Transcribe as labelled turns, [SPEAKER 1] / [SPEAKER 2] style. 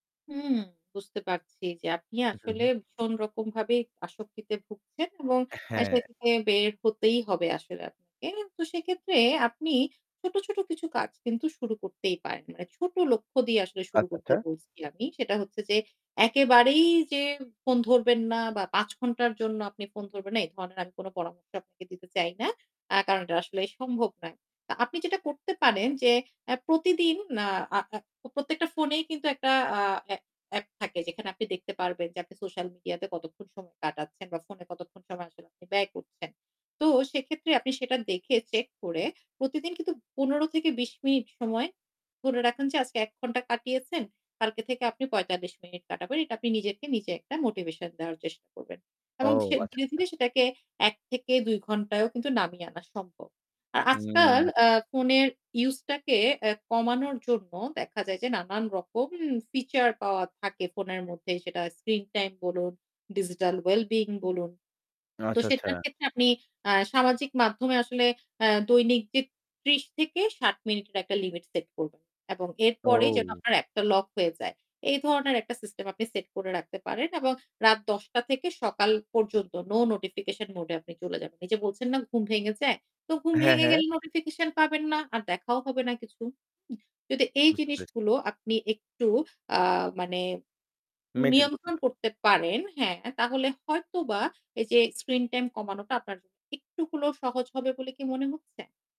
[SPEAKER 1] হুম বুঝতে পারছি যে আপনি আসলে
[SPEAKER 2] উম-হুম।
[SPEAKER 1] ভীষণ রকম ভাবে আসক্তিতে ভুগছেন এবং
[SPEAKER 2] অ্যা
[SPEAKER 1] আ সে
[SPEAKER 2] হ্যাঁ।
[SPEAKER 1] থেকে বের হতেই হবে আসলে আপনাকে। তো সেক্ষেত্রে আপনি ছোট, ছোট কিছু কাজ কিন্তু শুরু করতেই পারেন। মানে ছোট লক্ষ্য দিয়ে আসলে শুরু
[SPEAKER 2] আচ্ছা
[SPEAKER 1] করতে
[SPEAKER 2] আচ্ছা।
[SPEAKER 1] বলছি আমি। সেটা হচ্ছে যে, একেবারেই যে উ ফোন ধরবেন না বা ৫ ঘন্টার জন্য আপনি ফোন ধরবেন না, এই ধরনের আমি কোন পরামর্শ আপনাকে দিতে চাই না। আ কারণ এটা আসলেই সম্ভব নয়। তা আপনি যেটা করতে পারেন যে, আ প্রতিদিন না আ আ প্রত্যেকটা ফোনেই কিন্তু একটা আ অ্যা অ্যাপ থাকে যেখানে আপনি দেখতে পারবেন যে আপনি সোশ্যাল মিডিয়াতে কতক্ষণ সময় কাটাচ্ছেন বা ফোনে কতক্ষণ সময় আসলে আপনি ব্যয় করছেন। তো সেক্ষেত্রে আপনি সেটা দেখে, চেক করে প্রতিদিন কিন্তু, ১৫ থেকে ২০ মিনিট সময় ধরে রাখেন যে আজকে ১ ঘন্টা কাটিয়েছেন, কালকে থেকে আপনি ৪৫ মিনিট কাটাবেন। এটা আপনি নিজকে নিজে একটা মোটিভেশন দেওয়ার চেষ্টা করবেন।
[SPEAKER 2] ও!
[SPEAKER 1] এবং ধীয়ে
[SPEAKER 2] আচ্ছা,
[SPEAKER 1] ধীরে,
[SPEAKER 2] আচ্ছা।
[SPEAKER 1] ধীরে সেটাকে ১ থেকে ২ ঘণ্টায়ও কিন্তু নামিয়ে আনা সম্ভব। আ আজকাল
[SPEAKER 2] হুম।
[SPEAKER 1] আ ফোনের ইউসটাকে অ্যা কমানোর জন্য দেখা যায় যে নানান রকম ফিচার পাওয়া থাকে ফোনের মধ্যে, সেটা স্ক্রিন টাইম বলুন, ডিজিটাল ওয়েল বিইং বলুন। তো
[SPEAKER 2] আচ্ছা, আচ্ছা।
[SPEAKER 1] সেটার ক্ষেত্রে আপনি আ সামাজিক মাধ্যমে আসলে আ দৈনিক জি ৩০ থেকে ৬০ মিনিটের একটা লিমিট সেট করবেন। এবং এরপরেই যেন
[SPEAKER 2] ওউ!
[SPEAKER 1] আপনার অ্যাপটা লক হয়ে যায়। এই ধরনের একটা সিস্টেম আপনি সেট করে রাখতে পারেন এবং রাত ১০ঃ০০ টা থেকে সকাল পর্যন্ত নো নোটিফিকেশন মোড এ আপনি চলে যাবেন। এইযে বলছেন না, "ঘুম ভেঙে যায়।" তো ঘুম
[SPEAKER 2] হ্যাঁ,
[SPEAKER 1] ভেঙে
[SPEAKER 2] হ্যাঁ।
[SPEAKER 1] গেলে নোটিফিকেশন পাবেন না। আর দেখাও হবে না কিছু। উম যদি এই
[SPEAKER 2] বুঝতে পেছ
[SPEAKER 1] জিনিসগুলো আপনি একটু আ মানে
[SPEAKER 2] মেইনটেইন করতে
[SPEAKER 1] নিয়ন্ত্রণ
[SPEAKER 2] পা
[SPEAKER 1] করতে পারেন, হ্যাঁ তাহলে হয়তোবা এই যে স্ক্রিন টাইম কমানোটা আপনার জ একটু হলেও সহজ হবে বলে কি মনে হচ্ছে?